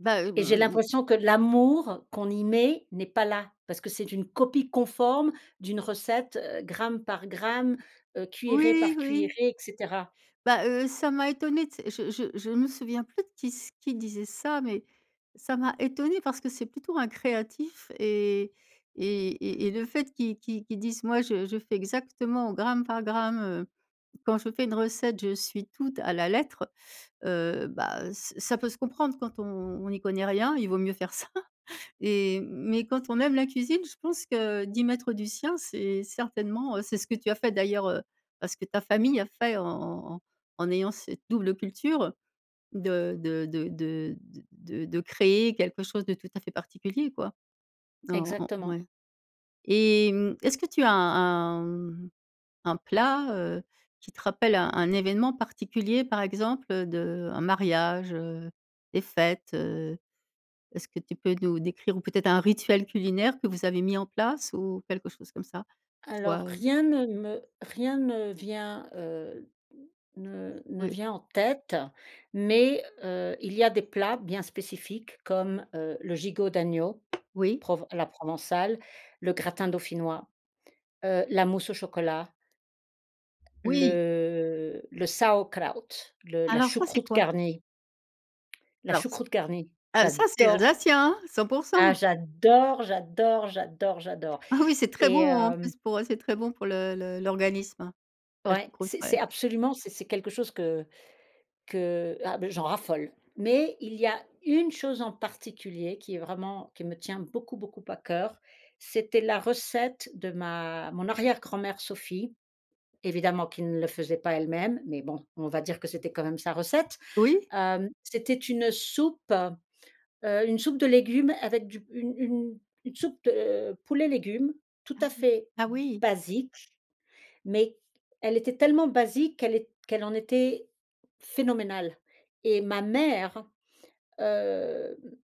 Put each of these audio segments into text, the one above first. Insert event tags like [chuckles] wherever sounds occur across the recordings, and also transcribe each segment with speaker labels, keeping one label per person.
Speaker 1: Bah mmh
Speaker 2: Et
Speaker 1: mh
Speaker 2: j'ai
Speaker 1: mh mh.
Speaker 2: l'impression que l'amour qu'on y met, n'est pas là, parce que c'est une copie conforme d'une recette, heu, gramme par gramme, heu, cuillerée
Speaker 1: Oui,
Speaker 2: par cuillerée,
Speaker 1: oui.
Speaker 2: et cetera.
Speaker 1: Bah heu, ça m'a étonné tu sais. Je je je me souviens plus de qui sai qui disait ça, mais ça m'a étonnée parce que c'est plutôt un créatif et et et et le fait qu'il qu'il qu'il dise: «Moi, je je fais exactement au gramme par gramme, heu, quand je fais une recette je suis tout à la lettre», heu, bah, ça ça peut se comprendre quand on on n'y connaît rien, il vaut mieux faire ça [chuckles] et mais quand on aime la cuisine, je pense que d'y mettre du sien, c'est certainement c'est ce que tu as fait d'ailleurs, heu, ben ce que ta famille a fait en en en en ayant cette double culture, de de de de de de créer quelque chose de tout à fait particulier quoi. En en
Speaker 2: Exactement.
Speaker 1: ouais, et mmh, est-ce que tu as un un, mmh, un plat, heu, qui te rappelle un un événement particulier, par exemple, heu, de un mariage, heu, des fêtes, heu, est-ce que tu peux nous décrire ou peut-être un rituel culinaire que vous avez mis en place ou quelque chose comme ça?
Speaker 2: Alors
Speaker 1: Soit heu
Speaker 2: rien ne me rien ne vient heu ne ne
Speaker 1: Oui.
Speaker 2: vient en tête, mais heu, il y a des plats bien spécifiques comme, heu, le gigot d'agneau,
Speaker 1: Oui.
Speaker 2: prov à la provençale, le gratin dauphinois, heu, la mousse au chocolat
Speaker 1: Oui!
Speaker 2: le le Sauerkraut le la
Speaker 1: Alors, ça, c'est
Speaker 2: choucroute
Speaker 1: quoi?
Speaker 2: garnie la
Speaker 1: Alors c
Speaker 2: choucroute garnie,
Speaker 1: ah ça c'est
Speaker 2: j'adore
Speaker 1: Alsacien hein? cent pour
Speaker 2: ah,
Speaker 1: cent!
Speaker 2: j'adore, j'adore, j'adore, j'adore,
Speaker 1: Ah oui, c'est très bon,
Speaker 2: et
Speaker 1: en
Speaker 2: hem
Speaker 1: plus, pour, heu, c'est très bon pour le le l'organisme, hein, la
Speaker 2: Ouais,
Speaker 1: choucroute,
Speaker 2: c'est c'est
Speaker 1: ouais.
Speaker 2: absolument, c'est c'est quelque chose que que, ah bah, j'en raffole. Mais il y a une chose en particulier qui est vraiment qui me tient beaucoup beaucoup à cœur, c'était la recette de ma mon arrière grand-mère Sophie, évidemment qui ne le faisait pas elle-même, mais bon, on va dire que c'était quand même sa recette.
Speaker 1: Oui.
Speaker 2: Hem, c'était une soupe, heu, une soupe de légumes avec du une une une soupe de poulet légumes tout
Speaker 1: Ah
Speaker 2: à
Speaker 1: oui.
Speaker 2: fait
Speaker 1: Ah oui.
Speaker 2: basique, mais elle était tellement basique qu'elle est qu'elle en était phénoménale, et ma mère, heu, m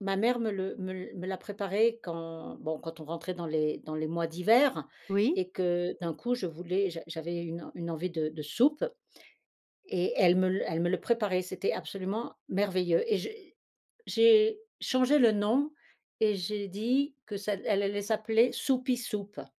Speaker 2: ma mère me le me l me la préparait quand, bon, quand on rentrait dans les dans les mois d'hiver
Speaker 1: Oui.
Speaker 2: et que d'un coup, je voulais j'a j'avais une une envie de soupe et elle me le elle me le préparait, c'était absolument merveilleux, et j'ai j'ai changé le nom et j'ai dit que ça que: «Elle allait s'appeler Soupie Soupe.»